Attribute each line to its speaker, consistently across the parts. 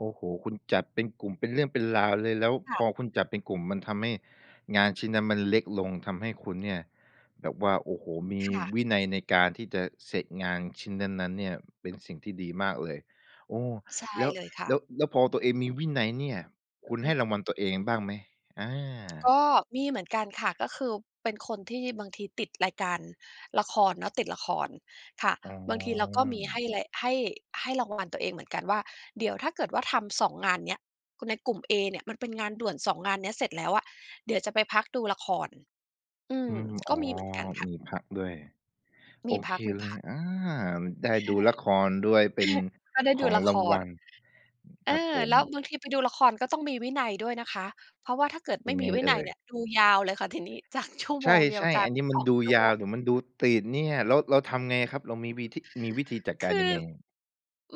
Speaker 1: โอ้โฮ คุณจัดเป็นกลุ่ม เป็นเรื่องเป็นราวเลย แล้ว
Speaker 2: ค่
Speaker 1: พ
Speaker 2: ะ
Speaker 1: อคุณจัดเป็นกลุ่ม มันทำให้งานชิ้นนั้นมันเล็กลง ทำให้คุณเนี่ย แบบว่า โอ้โฮ! มี
Speaker 2: ค่ะ
Speaker 1: วินัยในการที่จะเสร็จงานชิ้นนั้น ๆ เนี่ย เป็นสิ่งที่ดีมากเลย โอ้
Speaker 2: ใช่
Speaker 1: แล้ว
Speaker 2: เลยค่
Speaker 1: แล้
Speaker 2: ะ
Speaker 1: ว แล้วพอตัวเองมีวินัยเนี่ย ค
Speaker 2: อื
Speaker 1: ุ
Speaker 2: อ
Speaker 1: ณ
Speaker 2: ฮ
Speaker 1: ใ
Speaker 2: ึ
Speaker 1: ห้รางวัลตัวเองบ้างไหม? อา
Speaker 2: ก็มีเหมือนกันค่ะ ก็คือเป็นคนที่บางทีติดรายการละครเนาะ ติดละคร ค่ะ
Speaker 1: อ๋
Speaker 2: บางที เราก็มีให
Speaker 1: อ
Speaker 2: ้ไร ให้ ให้รางวัลตัวเองเหมือนกันว่า เดี๋ยวถ้าเกิดว่าทำ 2 งานเนี้ย ในกลุ่มเอเนี่ย มันเป็นงานด่วน 2 งานเนี้ยเสร็จแล้วอะ เดี๋ยวจะไปพักดูละคร อื
Speaker 1: อ
Speaker 2: ม
Speaker 1: ืม อ
Speaker 2: ก
Speaker 1: ๋
Speaker 2: ็
Speaker 1: อ
Speaker 2: มีเหมือนกันค่ะ
Speaker 1: มีพักด้วย
Speaker 2: ม
Speaker 1: โอ
Speaker 2: ีพ
Speaker 1: เค
Speaker 2: ัก มี
Speaker 1: เล
Speaker 2: พ
Speaker 1: ย
Speaker 2: ัก
Speaker 1: อา ได
Speaker 2: ค่ะ
Speaker 1: ้ดูละครด้วย เป็น
Speaker 2: ก็ได้
Speaker 1: ข
Speaker 2: ดู
Speaker 1: อง
Speaker 2: ละ
Speaker 1: ร
Speaker 2: ค
Speaker 1: างว
Speaker 2: ร
Speaker 1: ัล
Speaker 2: เอ
Speaker 1: ค
Speaker 2: อ
Speaker 1: รับผ
Speaker 2: แล
Speaker 1: ม
Speaker 2: ้วบางทีไปดูละครก็ต้องมีวินัยด้วยนะคะ เพราะว่าถ้าเกิดไม
Speaker 1: ย
Speaker 2: ่
Speaker 1: ังไ
Speaker 2: มี
Speaker 1: ง
Speaker 2: วิ
Speaker 1: เอ
Speaker 2: นัย
Speaker 1: ่
Speaker 2: เ
Speaker 1: ย?
Speaker 2: นี่ย ดูยาวเลยค่ะ ทีนี้จากชั่ว
Speaker 1: ใ
Speaker 2: โมงเดีย
Speaker 1: ช
Speaker 2: ว
Speaker 1: ่
Speaker 2: กลา
Speaker 1: ๆ
Speaker 2: ย
Speaker 1: อั
Speaker 2: เ
Speaker 1: น
Speaker 2: ป็
Speaker 1: นี
Speaker 2: น
Speaker 1: ้ม
Speaker 2: ส
Speaker 1: ัน
Speaker 2: อง
Speaker 1: ดู
Speaker 2: ชั่ว
Speaker 1: ย
Speaker 2: โม
Speaker 1: าว
Speaker 2: ง
Speaker 1: เดี๋ยวมันดูติดเนี่ย แล้ว แล้วทำไงครับ เรามีวีธิ มีวิธีจัดก
Speaker 2: ค
Speaker 1: าร
Speaker 2: ื
Speaker 1: ย
Speaker 2: อ
Speaker 1: ังไง?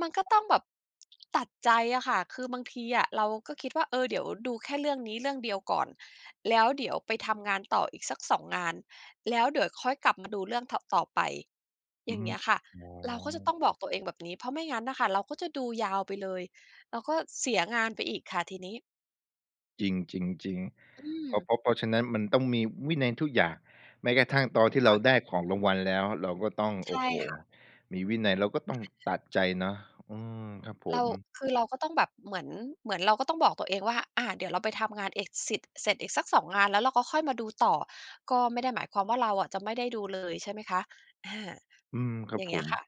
Speaker 2: มันก็ต้องแบบ ตัดใจอะค่ะ คือบางทีอะ เราก็คิดว่า เออ เดี๋ยวดูแค่เรื่องนี้เรื่องเดียวก่อน แล้วเดี๋ยวไปทำงานต่ออีกสัก 2 งาน แล้วเดี๋ยวค่อยกลับมาดูเรื่อง ถ ต่อไป
Speaker 1: อ
Speaker 2: อ
Speaker 1: ื
Speaker 2: ย่
Speaker 1: อ
Speaker 2: าง
Speaker 1: ฮึ
Speaker 2: เงี้ยค่ะ
Speaker 1: อ๋
Speaker 2: เราก็จะต
Speaker 1: อ
Speaker 2: ้องบอกตัวเองแบบนี้ เพราะไม่งั้นน่ะค่ะ เราก็จะดูยาวไปเลย เราก็เสียงานไปอีกค่ะ ทีนี้
Speaker 1: จริง ๆ
Speaker 2: อื
Speaker 1: ๆ เพรา
Speaker 2: ม
Speaker 1: ะ เพราะ เพราะฉะนั้น มันต้องมีวินัยทุกอย่าง แม้กระทั่งตอนที่
Speaker 2: ค
Speaker 1: เร
Speaker 2: ่
Speaker 1: า
Speaker 2: ะ
Speaker 1: ได้ของรางวัลแล้ว เราก็ต้อง
Speaker 2: ใ
Speaker 1: โ
Speaker 2: ช
Speaker 1: อ้
Speaker 2: ่
Speaker 1: โฮ!
Speaker 2: ค่ะ
Speaker 1: มีวินัย เราก็ต้อ
Speaker 2: อ
Speaker 1: งต
Speaker 2: า
Speaker 1: ัดใจเนาะ อือ ครับผ
Speaker 2: เรา
Speaker 1: ม
Speaker 2: คือเราก็ต้องแบบ เหมือน เหมือนเราก็ต้องบอกตัวเองว่า อา เดี๋ยวเราไปทำงานเอกสิทธิ์ เสร็จอีกสัก 2 งาน แล้วเราก็ค่อยมาดูต่อ ก็ไม่ได้หมายความว่าเราอะจะไม่ได้ดูเลย ใช่ไหมคะ อา
Speaker 1: อืม คร
Speaker 2: อ
Speaker 1: ั
Speaker 2: ย
Speaker 1: บ
Speaker 2: ่างเ
Speaker 1: ผ
Speaker 2: งี้ย
Speaker 1: ม
Speaker 2: ค่ะ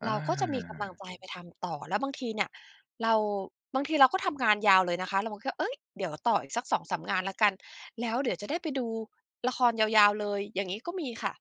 Speaker 1: อา
Speaker 2: เราก็จะมีกำลังใจไปทำต่อ แล้วบางทีเนี่ย เรา บางทีเราก็ทำงานยาวเลยนะคะ แล้วมันก็ เอ๊ย! เดี๋ยวต่ออีกสัก 2-3 งานละกัน แล้วเดี๋ยวจะได้ไปดูละครยาว ๆ เลย อย่างงี้ก็มีค่ะ